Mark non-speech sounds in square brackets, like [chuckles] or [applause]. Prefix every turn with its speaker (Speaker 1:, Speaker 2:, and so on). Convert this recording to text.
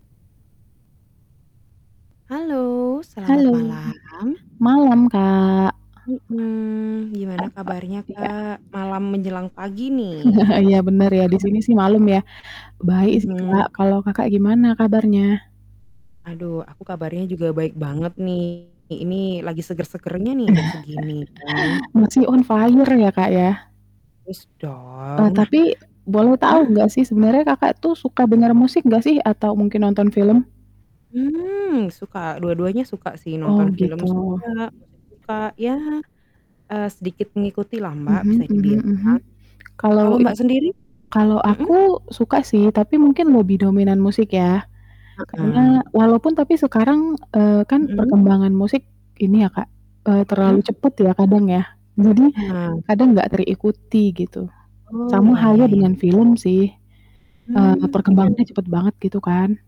Speaker 1: Halo, selamat
Speaker 2: Halo.
Speaker 1: malam.
Speaker 2: Malam, Kak.
Speaker 1: Mhm, gimana
Speaker 2: Apa,
Speaker 1: kabarnya,
Speaker 2: iya.
Speaker 1: Kak? Malam menjelang pagi nih.
Speaker 2: [chuckles] Iya bener ya, di sini
Speaker 1: [chuckles]
Speaker 2: sih malam ya. Baik sih,
Speaker 1: Mmm, mhm.
Speaker 2: Kak, kalau Kakak gimana kabarnya?
Speaker 1: Aduh, aku kabarnya juga baik banget nih. Ini lagi seger-segernya nih jam segini kan.
Speaker 2: [chuckles] Masih on fire ya, Kak, ya.
Speaker 1: Harus dong.
Speaker 2: Eee,
Speaker 1: Nah
Speaker 2: tapi boleh
Speaker 1: hah?
Speaker 2: tahu nggak sih sebenarnya Kakak tuh suka dengar musik nggak sih atau mungkin nonton film?
Speaker 1: Hmm, suka. Dua-duanya suka sih.
Speaker 2: Oh
Speaker 1: Nonton film
Speaker 2: gitu.
Speaker 1: suka, musik suka. Ya, eee, sedikit mengikutilah, Mbak,
Speaker 2: Mhm
Speaker 1: bisa
Speaker 2: mhm
Speaker 1: dibilang.
Speaker 2: mhm. Kalau
Speaker 1: Kalau
Speaker 2: i
Speaker 1: Mbak sendiri?
Speaker 2: kalau
Speaker 1: Mhm?
Speaker 2: aku suka sih tapi mungkin lebih dominan musik ya. Karena
Speaker 1: Heeh.
Speaker 2: walaupun tapi sekarang, eee, kan
Speaker 1: Mhm.
Speaker 2: perkembangan musik ini ya, Kak, eee, terlalu
Speaker 1: Mhm.
Speaker 2: cepat ya kadang ya. Jadi
Speaker 1: Nah.
Speaker 2: kadang nggak terikuti gitu.
Speaker 1: Oh,
Speaker 2: Sama
Speaker 1: iya iya
Speaker 2: halnya
Speaker 1: iya.
Speaker 2: dengan film sih, eee,
Speaker 1: Mmm, gimana?
Speaker 2: perkembangannya cepat banget gitu kan.